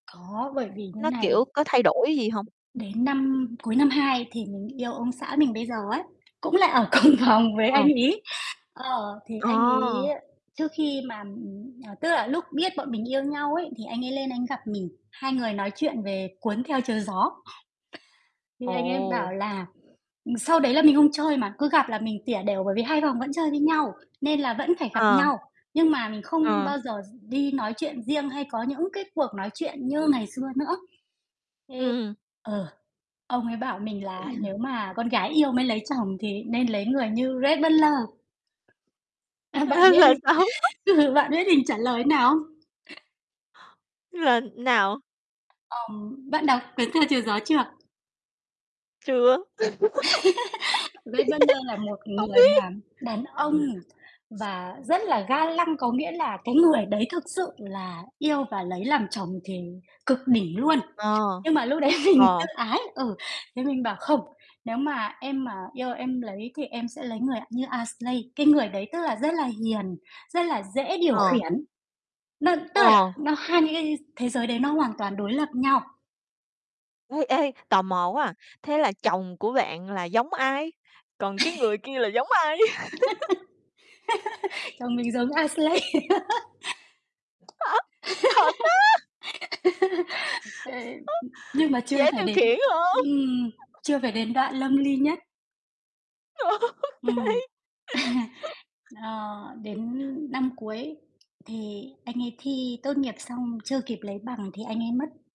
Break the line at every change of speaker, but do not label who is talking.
Có, bởi vì như
Nó,
này
kiểu, có thay đổi gì hông?
đến năm cuối năm 2 thì mình yêu ông xã mình bây giờ ấy, cũng là ở cùng phòng với anh
Ờ.
ấy. Ờ, thì
Ờ.
anh ấy trước khi mà, ừm, ờ tức là lúc biết bọn mình yêu nhau ấy thì anh ấy lên anh ấy gặp mình, hai người nói chuyện về "Cuốn Theo Chiều Gió." Thì anh ấy bảo
Ồ.
là ừm, sau đấy là mình không chơi mà, cứ gặp là mình tỉa đểu bởi vì 2 phòng vẫn chơi với nhau nên là vẫn phải gặp
Ờ.
nhau, nhưng mà mình không
Ờ.
bao giờ gi đi nói chuyện riêng hay có những cái cuộc nói chuyện như ngày xưa nữa.
Ừm.
Thế ờ, ông ấy bảo mình là "Nếu mà con gái yêu mới lấy chồng thì nên lấy người như Rhett Butler." À, bạn
Ơ,
biết
là
mình
sao?
ừ, bạn biết mình trả lời nào không?
Là nào?
Ờm, bạn đọc "Cuốn Theo Chiều Gió" chưa?
Chưa. Biết.
Rhett Butler là một
Hông
người
biết.
mà đàn ông và rất là ga lăng, có nghĩa là cái người đấy thực sự là yêu và lấy làm chồng thì cực đỉnh luôn.
Ờ,
Nhưng mà lúc đấy mình tự
ờ.
ái, ừ, thế mình bảo: "Không, nếu mà em mà yêu em lấy thì em sẽ lấy người như Ashley." Cái người đấy tức là rất là hiền, rất là dễ điều
Ờ.
khiển. Nó tức là
Ờ.
nó hai thế giới đấy nó hoàn toàn đối lập nhau.
Ê, ê, tò mò quá à, thế là chồng của bạn là giống ai? Còn cái người kia là giống ai?
Chồng mình giống Ashley.
Á, thật á.
Ê,
Á,
nhưng mà chưa
dễ
phải
điều
đến
khiển hông?
ừm, chưa phải đến đoạn lâm li nhất.
Ô kê.
Ừm. Ờ, đến năm cuối thì anh ấy thi tốt nghiệp xong chưa kịp lấy bằng thì anh ấy mất.